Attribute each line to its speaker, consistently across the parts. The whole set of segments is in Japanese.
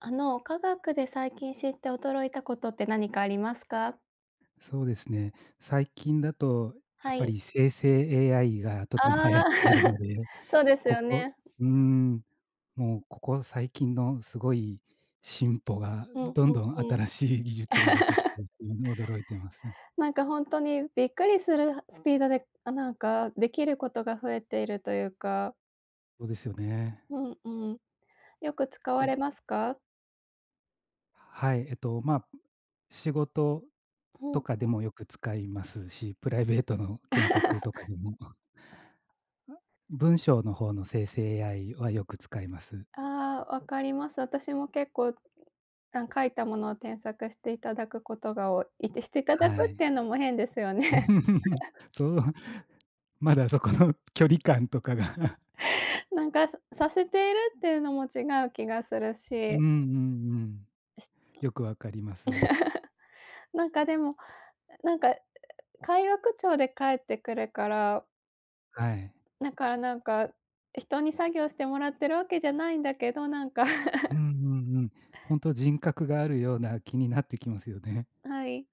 Speaker 1: あの科学で最近知って驚いたことって何かありますか？
Speaker 2: そうですね、最近だとや
Speaker 1: は
Speaker 2: っぱ
Speaker 1: い。
Speaker 2: り生成 AI がと
Speaker 1: あ
Speaker 2: ても流行っ
Speaker 1: あ。
Speaker 2: ているの で、
Speaker 1: そうです
Speaker 2: こ
Speaker 1: よ
Speaker 2: こ、
Speaker 1: ね。
Speaker 2: うーん、もうここ最近のすごい進歩が
Speaker 1: うん、
Speaker 2: どん
Speaker 1: うん、
Speaker 2: どん
Speaker 1: うん。
Speaker 2: 新しい技術が出てきて 驚いています。
Speaker 1: なんか本当にびっくりするスピードで、あなんかできることが増えているというか
Speaker 2: そうですよね。
Speaker 1: うんうん。よく使わ
Speaker 2: と
Speaker 1: れますか？
Speaker 2: はい、えっと、ま、仕事
Speaker 1: うんう
Speaker 2: と
Speaker 1: ん。
Speaker 2: かでもよく使いますし、プライベートの検索とかでも 文章の方の生成 AI はよく使います。
Speaker 1: ああ、わかります。私も結構、あ、書いたものを添削していただくことが多い、いってしていただ
Speaker 2: は
Speaker 1: くっ
Speaker 2: い。
Speaker 1: ていうのも変ですよね。
Speaker 2: そう。まだそこの距離感とかが。
Speaker 1: なんかさせているっていうのも違う気がする
Speaker 2: うんう
Speaker 1: し
Speaker 2: んうん、
Speaker 1: し
Speaker 2: よくわかります。
Speaker 1: なんかでも、なんか会話口調で返ってくるから
Speaker 2: はい。
Speaker 1: だからなんか、人に作業してもらってるわけじゃないんだけど、なんか。
Speaker 2: うんう んうん、本当人格があるような気になってきますよね。
Speaker 1: はい。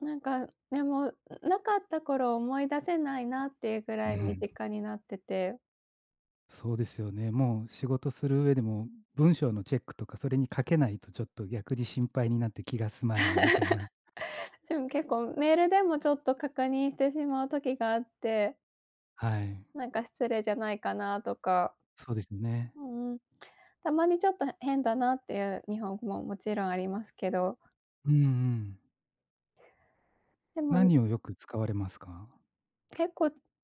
Speaker 1: なんか、でも、なかった頃を思い出せないなっていうぐら
Speaker 2: う
Speaker 1: い身
Speaker 2: ん。
Speaker 1: 近になってて
Speaker 2: そうですよね、もう仕事する上でも、文章のチェックとか、それに掛けないと、ちょっと逆に心配になって、気が済まないみたいな。
Speaker 1: でも、結構メールでも、ちょっと、確認してしまう時があって。
Speaker 2: はい。
Speaker 1: 何か、失礼じゃないかなとか、
Speaker 2: そうですね。
Speaker 1: うんうん、たまにちょっと、変だなっていう日本語も勿論ありますけど。
Speaker 2: うんうん。
Speaker 1: でも
Speaker 2: 何をよく使われますか？
Speaker 1: 結構、う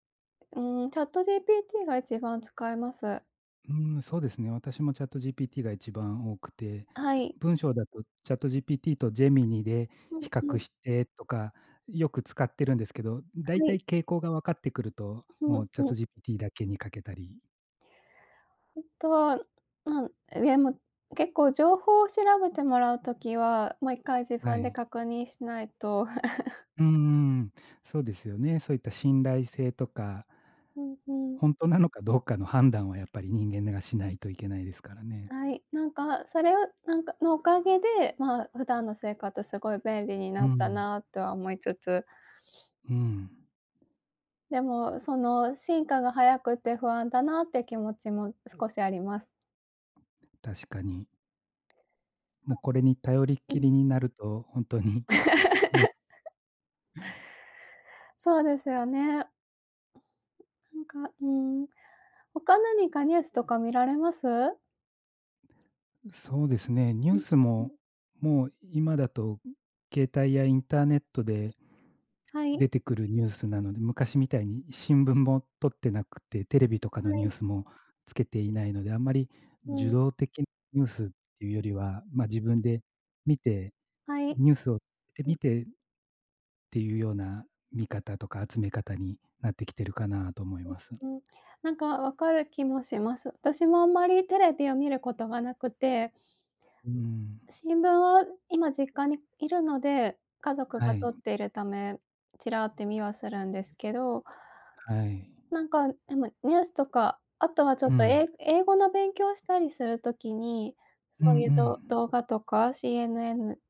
Speaker 1: ん、ChatGPT が一番使います。
Speaker 2: うーん、そうですね、私も、ChatGPT が、一番多くて、
Speaker 1: はい。
Speaker 2: 文章だと、ChatGPT と、Gemini で、
Speaker 1: うん
Speaker 2: 比
Speaker 1: う
Speaker 2: 較
Speaker 1: ん。
Speaker 2: してとか、よく使ってるんですけど、大
Speaker 1: は
Speaker 2: 体、
Speaker 1: い。
Speaker 2: 傾向が分かって来ると、
Speaker 1: う
Speaker 2: も
Speaker 1: ん
Speaker 2: う、
Speaker 1: うん。
Speaker 2: ChatGPT だけに掛けたり。
Speaker 1: 後は、ま、でも、結構、情報を調べてもらう時は、もう1回、自
Speaker 2: は
Speaker 1: 分で
Speaker 2: い。
Speaker 1: 確認しないと。
Speaker 2: うーん、そうですよね、そういった信頼性とか
Speaker 1: うんうん。
Speaker 2: 本当なのか、どうかの判断は、やっぱり人間が、しないといけないですからね。
Speaker 1: はい、何か、それを、何かの、お陰で、ま、普段の生活、凄い便利に
Speaker 2: う
Speaker 1: なった
Speaker 2: ん。
Speaker 1: なとは思いつつ。
Speaker 2: うん。
Speaker 1: でも、その進化が早くて不安だなって気持ちも少しあります。
Speaker 2: 確かに。もうこれに頼りっ
Speaker 1: う
Speaker 2: き
Speaker 1: ん。
Speaker 2: りになると、ほんとに、な
Speaker 1: そうですよね。なんか、うん、他何かニュースとか見られます？
Speaker 2: そうですね、ニュ
Speaker 1: う
Speaker 2: ー
Speaker 1: ん、
Speaker 2: ス
Speaker 1: うん。
Speaker 2: ももう今だと携帯やインターネットで
Speaker 1: はい。
Speaker 2: 出てくるニュースなので、昔みたいに新聞もとってなくて、テレビとかの
Speaker 1: は
Speaker 2: ニュ
Speaker 1: い。
Speaker 2: ースもつけていないので、あんまり、
Speaker 1: う
Speaker 2: 受
Speaker 1: ん。
Speaker 2: 動的ニュースっていうよりは、ま、自分で見て、
Speaker 1: はい。
Speaker 2: ニュースを
Speaker 1: う
Speaker 2: 見
Speaker 1: ん。
Speaker 2: てっていうような見方とか集め方になってきてるかなと思います。
Speaker 1: うんうん。なんか分かる気もします。私もあんまりテレビを見ることがなくて。
Speaker 2: うん。
Speaker 1: 新聞を今実家にいるので、家族
Speaker 2: は
Speaker 1: がと
Speaker 2: い。
Speaker 1: っているため、ちらって見はするんですけど
Speaker 2: はい。
Speaker 1: なんか、でもニュースとか、あとはちょ
Speaker 2: う
Speaker 1: っと、
Speaker 2: ん。
Speaker 1: え英語の勉強したりする時に、
Speaker 2: うん
Speaker 1: そ
Speaker 2: う
Speaker 1: ういうど
Speaker 2: ん。
Speaker 1: 動画とか、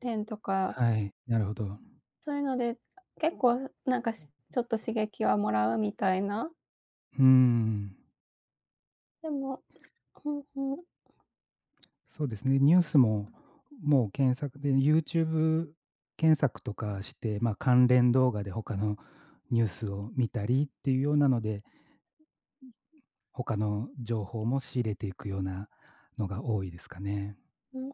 Speaker 1: CNN10とか。
Speaker 2: はい、なるほど。
Speaker 1: そういうので、結構なんか、すちょっと刺激をもらうみたいな。
Speaker 2: うん。
Speaker 1: でも、おん、お
Speaker 2: そうですね、ニュースも、もう検索で YouTube 検索とかして、ま、関連動画で他のニュースを見たりっていうようなので、他の情報も仕入れていくようなのが多いですかね。
Speaker 1: うん、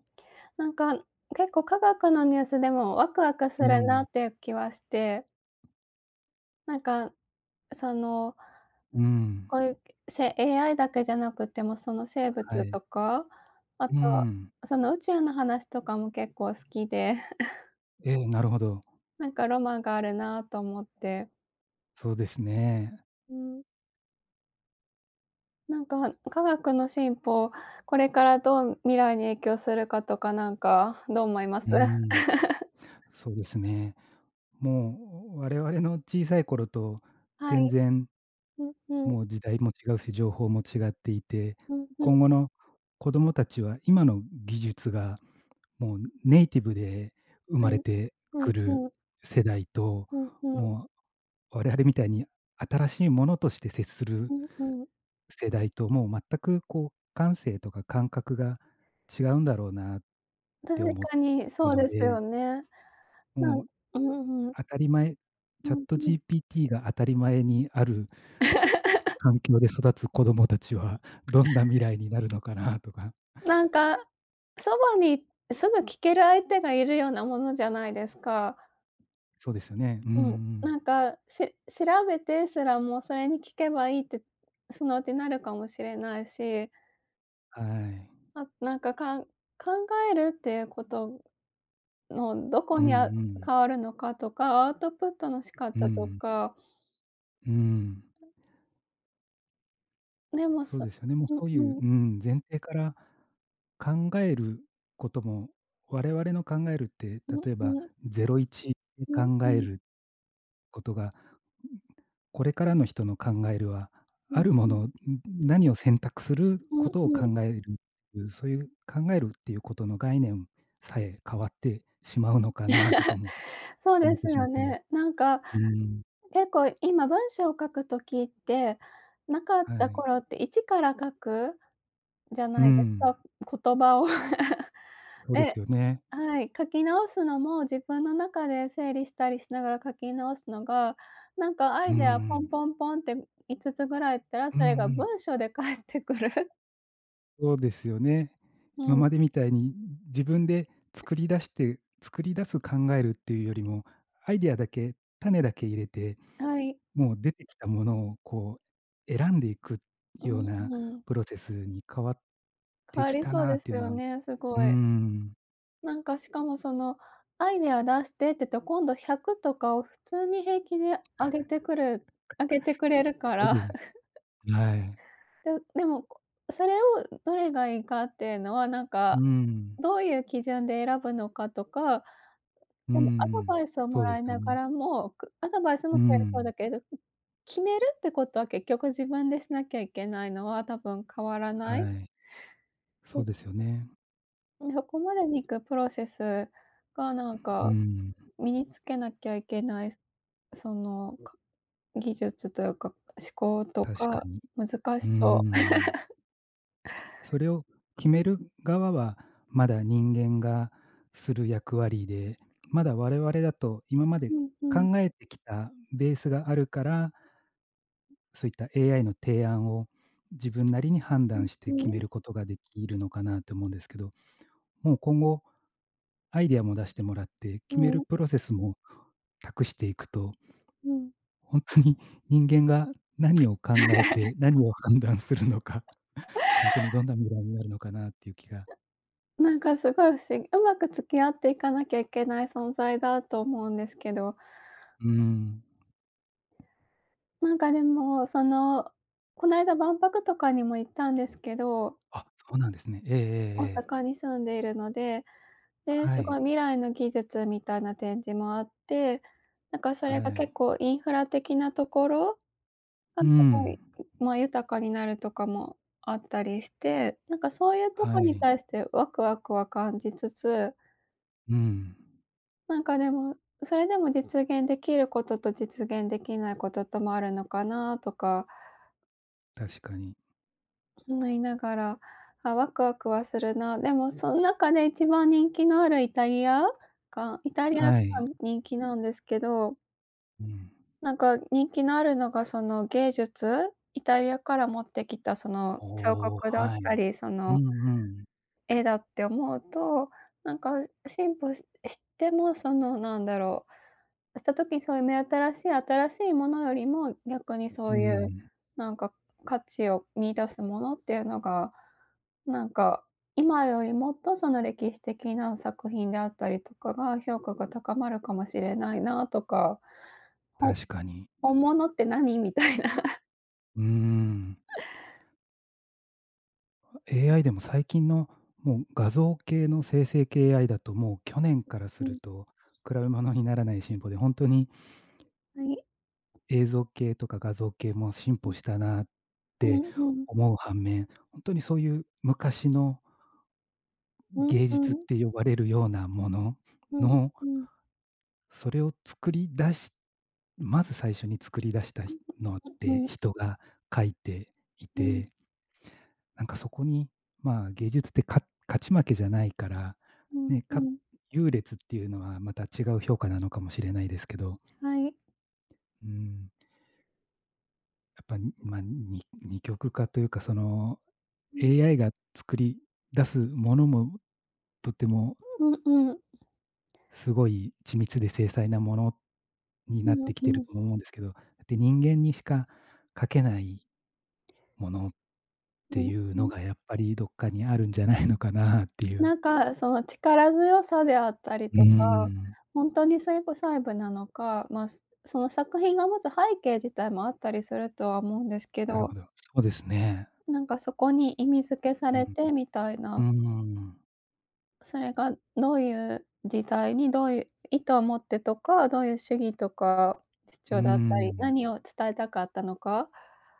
Speaker 1: なんか、結構科学のニュースでもワクワクす
Speaker 2: う
Speaker 1: るな
Speaker 2: ん。
Speaker 1: っていう気はして。なんか、その
Speaker 2: うん。
Speaker 1: こういうせ AI だけじゃなくてもその生
Speaker 2: は
Speaker 1: 物
Speaker 2: い。
Speaker 1: とか、あと、
Speaker 2: うん。
Speaker 1: その宇宙の話とかも結構好きで。
Speaker 2: えん、なるほど。
Speaker 1: なんかロマンがあるなと思って。
Speaker 2: そうですね。
Speaker 1: うん。なんか、科学の進歩、これからどう未来に影響するかとか、なんか、どう思います？
Speaker 2: うーん、そうですね。もう我々の小さい頃と
Speaker 1: は
Speaker 2: 全
Speaker 1: い。
Speaker 2: 然
Speaker 1: うんうん。
Speaker 2: もう時代も違うし、情報も違っていて、
Speaker 1: うんうん。
Speaker 2: 今後の子どもたちは今の技術がもうネイティブで生
Speaker 1: は
Speaker 2: ま
Speaker 1: い、
Speaker 2: れて
Speaker 1: うん
Speaker 2: くる
Speaker 1: うん。
Speaker 2: 世代と、
Speaker 1: うんうん。
Speaker 2: もう我々みたいに新しいものとして接す
Speaker 1: う
Speaker 2: る
Speaker 1: んうん。
Speaker 2: 世代ともう全くこう感性とか感覚が違うんだろうなって
Speaker 1: 確
Speaker 2: 思、
Speaker 1: かに、そう
Speaker 2: の
Speaker 1: ですよ
Speaker 2: で。
Speaker 1: ね。なん
Speaker 2: もう、
Speaker 1: うんうん。
Speaker 2: 当たり前
Speaker 1: う
Speaker 2: チャッ
Speaker 1: ん
Speaker 2: ト
Speaker 1: うん。
Speaker 2: GPT が当たり前にある 環境で育つ子供達はどんな未来になるのかなとか。
Speaker 1: なんか、そばにすぐ聞ける相手がいるようなものじゃないですか。
Speaker 2: そうですよね。うんう
Speaker 1: うん、
Speaker 2: ん。
Speaker 1: なんか、し調べてすらもそれに聞けばいいって、そのうちになるかもしれないし。
Speaker 2: はい。
Speaker 1: あ、なんか、かん考えるっていうことのどこ
Speaker 2: うんう
Speaker 1: に、あ
Speaker 2: ん。
Speaker 1: 変わるのかとか、アウトプットの仕
Speaker 2: う
Speaker 1: 方と
Speaker 2: ん。
Speaker 1: か。
Speaker 2: うん。
Speaker 1: メモ
Speaker 2: そう
Speaker 1: さ
Speaker 2: ですよね。もう
Speaker 1: うん
Speaker 2: そうい
Speaker 1: う
Speaker 2: うう
Speaker 1: ん。
Speaker 2: ーん、前提から考えることも、我々の考えるって、
Speaker 1: うん
Speaker 2: 例えば、
Speaker 1: うん。
Speaker 2: ゼロイチで
Speaker 1: うん
Speaker 2: 考
Speaker 1: う
Speaker 2: え
Speaker 1: ん。
Speaker 2: る事が、これからの人の考えるは、
Speaker 1: う
Speaker 2: あ
Speaker 1: ん
Speaker 2: るも
Speaker 1: うん。
Speaker 2: のを、何を選択する
Speaker 1: う
Speaker 2: こ
Speaker 1: ん
Speaker 2: とを
Speaker 1: うん。
Speaker 2: 考える、そういう考えるっていうことの概念さえ変わってしまうのかなとか も
Speaker 1: そう
Speaker 2: 思
Speaker 1: で
Speaker 2: って
Speaker 1: す
Speaker 2: しま
Speaker 1: よ
Speaker 2: ってね。
Speaker 1: ね。なんか、
Speaker 2: うーん。
Speaker 1: 結構、今、文章を書く時って、なかっ
Speaker 2: は
Speaker 1: た
Speaker 2: い。
Speaker 1: 頃って一から書くじゃ
Speaker 2: うー
Speaker 1: ないです
Speaker 2: ん。
Speaker 1: か、言葉を。
Speaker 2: そうです
Speaker 1: え、
Speaker 2: よね。
Speaker 1: はい。書き直すのも、自分の中で整理したりしながら書き直すのが、なんかア
Speaker 2: うー
Speaker 1: イデア、ポン
Speaker 2: ん。
Speaker 1: ポンポンって、5つぐらい言ったら、
Speaker 2: うん
Speaker 1: それが
Speaker 2: うん。
Speaker 1: 文章で返ってくる。
Speaker 2: そうですよね。
Speaker 1: う
Speaker 2: 今
Speaker 1: ん。
Speaker 2: までみたいに、自分で作り出して作り出す考えるっていうよりも、アイディアだけ、種だけ入れて、
Speaker 1: はい。
Speaker 2: もう、出てきたものを、こう、選んでいく
Speaker 1: う
Speaker 2: よう
Speaker 1: ん
Speaker 2: な
Speaker 1: うん。
Speaker 2: プロセスに変わっ
Speaker 1: 変
Speaker 2: て
Speaker 1: わ
Speaker 2: き
Speaker 1: り
Speaker 2: た
Speaker 1: そう
Speaker 2: な
Speaker 1: で
Speaker 2: っ
Speaker 1: す
Speaker 2: ていうの
Speaker 1: よ
Speaker 2: はう
Speaker 1: ね、すご
Speaker 2: ー
Speaker 1: い。
Speaker 2: ん。
Speaker 1: 何か、しかも、その、アイデア出してってと、今度、100とかを、普通に、平気で上げて来る上げてくれ るか
Speaker 2: そう
Speaker 1: ら
Speaker 2: です、はい。
Speaker 1: ででも、それを、どれが良いかって言うのは、何
Speaker 2: う
Speaker 1: か、
Speaker 2: ん。
Speaker 1: どう言う基準で選ぶのかとか、
Speaker 2: う
Speaker 1: でも、アドバ
Speaker 2: ん、
Speaker 1: イスをも
Speaker 2: そうで
Speaker 1: らい
Speaker 2: すよ
Speaker 1: なが
Speaker 2: ね。
Speaker 1: らも、くアドバイスも
Speaker 2: う
Speaker 1: 来れそう
Speaker 2: ん。
Speaker 1: だけど、決めるって事は、結局、自分でしなきゃ行けないのは、多分、変わらない。
Speaker 2: はい。そうですよね。
Speaker 1: プロセスが、何
Speaker 2: ううー
Speaker 1: か、
Speaker 2: ん。
Speaker 1: 身に付けなきゃ行けない、その、か技術と言うか、思考と
Speaker 2: 確か
Speaker 1: か、
Speaker 2: に、
Speaker 1: 難
Speaker 2: う
Speaker 1: し
Speaker 2: ー
Speaker 1: そう。
Speaker 2: ん。それを決める側は、まだ、人間がする役割で、まだ、我々だと、今まで
Speaker 1: うんうん。
Speaker 2: 考えて来たベースがあるからそう言った、AI の提案を、自分なりに判
Speaker 1: うん、
Speaker 2: 断し
Speaker 1: う
Speaker 2: て、決
Speaker 1: ー
Speaker 2: め
Speaker 1: ん。
Speaker 2: る事が、出来るのかなと思うんですけど、もう今後、アイディアも出してもらって、
Speaker 1: う
Speaker 2: 決める
Speaker 1: ん。
Speaker 2: プロセスも託して行くと
Speaker 1: うん。
Speaker 2: 本当に、人間が何を、考え て、何を、判断するのか、本当に、どんな未来になるのかなって言う気が
Speaker 1: 何か、凄い不思議。上手く付き合って、行かなきゃいけない存在だと思うんですけど
Speaker 2: うん。
Speaker 1: 何か、でも、その、この間、万博とかにも、行ったんですけど
Speaker 2: あ、そうなんですね、ええええ
Speaker 1: 大
Speaker 2: ええ。
Speaker 1: 阪に住んで居るので、で、
Speaker 2: は
Speaker 1: 凄
Speaker 2: い。
Speaker 1: い、未来の技術みたいな、展示もあって、何かそ
Speaker 2: は
Speaker 1: れが、
Speaker 2: い。
Speaker 1: 結構インフラ的な所が、
Speaker 2: う
Speaker 1: 凄
Speaker 2: ん。
Speaker 1: い、ま、豊かになるとかもあったりして、何か、そう言うとこ
Speaker 2: は
Speaker 1: に
Speaker 2: い。
Speaker 1: 対して、ワクワクは感じつつ
Speaker 2: うん。
Speaker 1: なんかでも、それでも実現できることと実現できないことともあるのかなとか
Speaker 2: 確かに。
Speaker 1: 思いながら、あ、ワクワクはするな、でもそん中で1番人気のあるイタリアがイタリアが
Speaker 2: はい。
Speaker 1: 人気なんですけど
Speaker 2: うん。
Speaker 1: なんか人気のあるのがその、芸術イタリアから持ってきたその、彫
Speaker 2: おお、
Speaker 1: 刻だっ
Speaker 2: はい。
Speaker 1: たり、そ
Speaker 2: う
Speaker 1: の
Speaker 2: んうん。
Speaker 1: 絵だって思うと、なんか、あ、進歩ししてもそのなんだろう、した時そういう目新しい新しいものよりも、逆に そ
Speaker 2: ふ、うんう
Speaker 1: ういう、
Speaker 2: ん。
Speaker 1: なんか価値を見出すものっていうのが、なんか、今よりもっとその歴史的な作品であったりとかが、評価が高まるかもしれないなとか。ほ
Speaker 2: 確かに。
Speaker 1: 本物って何みたいな。
Speaker 2: うーん。あ、AI でも最近の、もう画像系の生成系 AI だともう去年からす
Speaker 1: う、う
Speaker 2: る
Speaker 1: ん。
Speaker 2: と、比べ物にならない進歩で、ほんとに
Speaker 1: はい。
Speaker 2: 映像系とか画像系も進
Speaker 1: う
Speaker 2: 歩
Speaker 1: ん。
Speaker 2: したなっ
Speaker 1: う
Speaker 2: て
Speaker 1: ん、うん。
Speaker 2: 思う反面、ほんとにそういう昔のん、
Speaker 1: うん、
Speaker 2: 芸
Speaker 1: う
Speaker 2: 術っ
Speaker 1: ん。
Speaker 2: て呼ばれるようなもの
Speaker 1: うん、
Speaker 2: の
Speaker 1: うん。
Speaker 2: それを作り出しまず最初に作り出したひのっ
Speaker 1: う
Speaker 2: て、
Speaker 1: ん。
Speaker 2: 人が描いてい
Speaker 1: うん。
Speaker 2: てなんかそこに、まあ芸術ってか勝ち負けじゃないから、
Speaker 1: うん、
Speaker 2: ね、
Speaker 1: う
Speaker 2: か
Speaker 1: ん。
Speaker 2: 優劣っていうのはまた違う評価なのかもしれないですけど。
Speaker 1: はい。
Speaker 2: うん。やっぱ、ま、に二極化というか、その、
Speaker 1: うん。ん。
Speaker 2: AI が作り出す物も、とても
Speaker 1: うん、うん。
Speaker 2: 凄い緻密で、精細な物に
Speaker 1: う
Speaker 2: なっ
Speaker 1: ん
Speaker 2: て来て
Speaker 1: う
Speaker 2: る、
Speaker 1: ん。
Speaker 2: と思うんですけど。はて、人間にしかかけない物、っ
Speaker 1: う
Speaker 2: て
Speaker 1: ん
Speaker 2: いう
Speaker 1: う
Speaker 2: の
Speaker 1: ん。
Speaker 2: がやっぱり、どっかにあるんじゃないのかな、っていう。
Speaker 1: 何か、その力強さであったり
Speaker 2: うー
Speaker 1: とか、
Speaker 2: ん。
Speaker 1: ほんとにそれこ細部なのか、ま、その作品が持つ背景自体も、あったりするとは思うんですけ
Speaker 2: なる
Speaker 1: ど。
Speaker 2: ほど、そうですね。
Speaker 1: 何かそこに、意味付けさ
Speaker 2: う
Speaker 1: れ
Speaker 2: ん
Speaker 1: てみたい
Speaker 2: うんう
Speaker 1: な。
Speaker 2: ん、うーん。
Speaker 1: それが、どういう時代に、どういう意図を持ってとか、どういう主義とか、
Speaker 2: う
Speaker 1: 主
Speaker 2: ー
Speaker 1: 張だったり、
Speaker 2: ん。
Speaker 1: 何を、伝えたかったのか。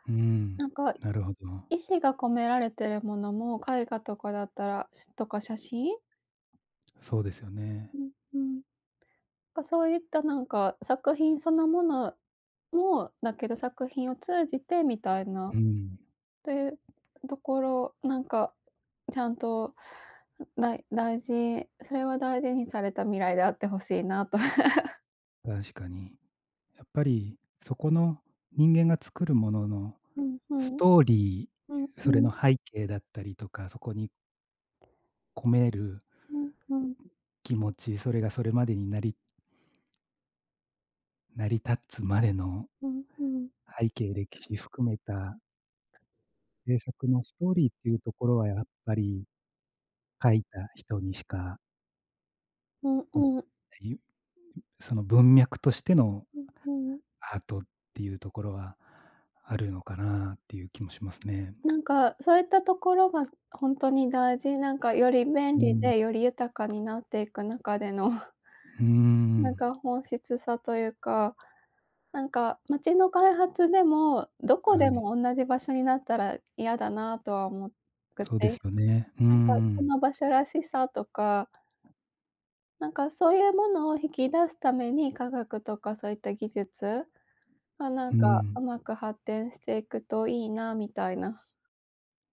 Speaker 2: うーん、
Speaker 1: 何か、
Speaker 2: なるほど。
Speaker 1: 意志が込められてる物も、絵画とかだったらとか、写真。
Speaker 2: そうですよね。
Speaker 1: うんうん、か、そういった、何か、作品その物もだけど、作品を通じて、みたいな、っ
Speaker 2: うーん。
Speaker 1: てところ、何か、ちゃんと、だい大事、それは大事にされた未来であって欲しいなと。
Speaker 2: 確かに。やっぱりそこの人間が作るものの
Speaker 1: うん、ふ
Speaker 2: ス
Speaker 1: ん。
Speaker 2: トーリ
Speaker 1: うん、
Speaker 2: ー、
Speaker 1: ふ
Speaker 2: それ
Speaker 1: ん。
Speaker 2: の背景だったりとか、そこに込める
Speaker 1: うん、ふん。
Speaker 2: 気持ち、それがそれまでになり成り立つまでの
Speaker 1: うん、ふん。
Speaker 2: 背景、歴史含めた制作のストーリーっていうところはやっぱり、書いた人にしか
Speaker 1: うん
Speaker 2: [unintelligible] あ
Speaker 1: うん。
Speaker 2: いゆ、ん、その文脈としての
Speaker 1: うん、ふん。
Speaker 2: アートっていうところはあるのかなっていう気もしますね。
Speaker 1: なんか、そういったところがす、本当に大事。なんかより便
Speaker 2: う
Speaker 1: 利
Speaker 2: ん。
Speaker 1: で、より豊かになっていく中での
Speaker 2: うー
Speaker 1: なん
Speaker 2: ん。
Speaker 1: か本質さというか。なんか街の開発でも、どこ
Speaker 2: は
Speaker 1: で
Speaker 2: い。
Speaker 1: も同じ場所になったら嫌だなとは思く
Speaker 2: そうです
Speaker 1: て。
Speaker 2: よね。うー
Speaker 1: なんかそ
Speaker 2: ん。
Speaker 1: の場所らしさとかなんかそういうものを引き出すために、科学とかそういった技術？がなん
Speaker 2: ふー
Speaker 1: かう
Speaker 2: ん。
Speaker 1: まく発展していくと良いな、みたいな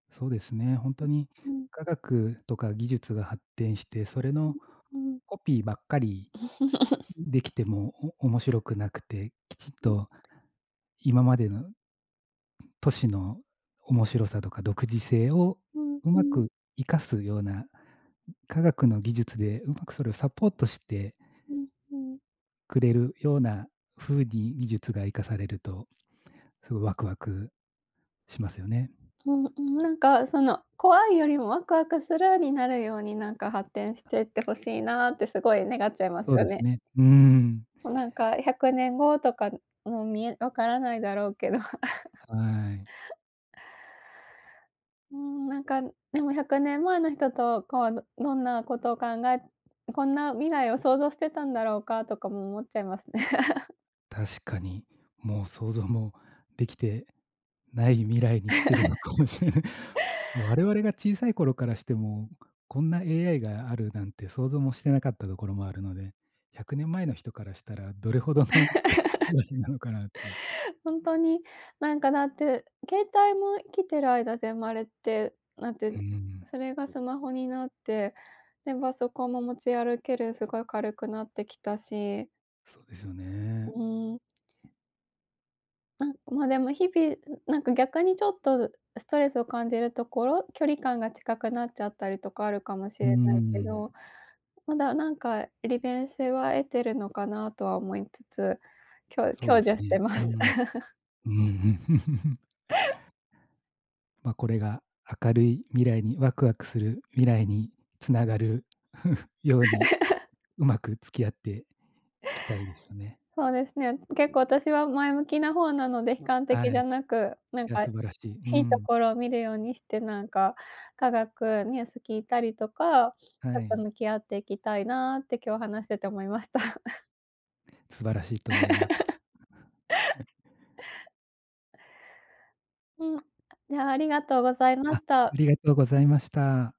Speaker 2: そうですね、本当に
Speaker 1: うん。
Speaker 2: 科学とか技術が発展して、それの
Speaker 1: うん。
Speaker 2: コピーばっかり、出来ても、お面白くなくて、きちっと今までの都市の面白さとか独自性を、
Speaker 1: うん
Speaker 2: うま
Speaker 1: うん。
Speaker 2: く生かすような、科学の技術でうまくそれをサポートして
Speaker 1: うんうん。
Speaker 2: くれるような風に技術が生かされると、すご、ワクワクしますよね。
Speaker 1: う、うん、なんか、その、怖いよりもワクワクする、になるようになんか発展してってほしいなってすごい願っちゃいま
Speaker 2: そ
Speaker 1: す
Speaker 2: う
Speaker 1: よ
Speaker 2: です
Speaker 1: ね。
Speaker 2: ね。うーん。
Speaker 1: もうなんか、100年後とか、うん、見え分からないだろうけど。
Speaker 2: はい。
Speaker 1: うーん。なんか、ん、でも100年前の人と、こう、どんなことを考えこんな未来を想像してたんだろうかとかも思っちゃいますね。
Speaker 2: 確かに。もう想像もできてない未来に来てるのか もしれない。我々が小さい頃からしても、こんな AI があるなんて想像もしてなかったところもあるので、100年前の人からしたらどれほどの、なのかなっていう。
Speaker 1: 本当になんかだって、携帯も生きてる間で生まれて、なって、
Speaker 2: うーん。
Speaker 1: それがスマホになって、で、パソコンも持ち歩ける、すごい軽くなってきたし。
Speaker 2: そうですよ
Speaker 1: う
Speaker 2: ね。
Speaker 1: ーん。なんま、でも日々、なんか逆にちょっと、ストレスを感じるところ、距離感が近くなっちゃったりとかあるかもし
Speaker 2: う
Speaker 1: れ
Speaker 2: ー
Speaker 1: ないけ
Speaker 2: ん。
Speaker 1: ど、まだなんか利便性は得てるのかなとは思いつつ、きょ
Speaker 2: そう
Speaker 1: 享
Speaker 2: です
Speaker 1: 受して
Speaker 2: ね、
Speaker 1: ま
Speaker 2: う
Speaker 1: す。
Speaker 2: ん。うーん。ま、これが、明るい未来に、ワクワクする未来につながる ように、うまく付き合っていきたいですよね。
Speaker 1: そうですね、結構あたしは前向きな方なので、悲観
Speaker 2: は
Speaker 1: 的じ
Speaker 2: い。
Speaker 1: ゃなく、なん
Speaker 2: いや
Speaker 1: か、い
Speaker 2: 素晴らしい。うー
Speaker 1: いと
Speaker 2: ん。
Speaker 1: ころを見るようにしてなんか、科学ニュース聞いたりとか、
Speaker 2: は
Speaker 1: ちょっと
Speaker 2: い。
Speaker 1: 向き合っていきたいなって今日話してて思いました。
Speaker 2: 素晴らしいと思いま
Speaker 1: うん。ね、ありがとうございま
Speaker 2: あ、あ
Speaker 1: した。
Speaker 2: りがとうございました。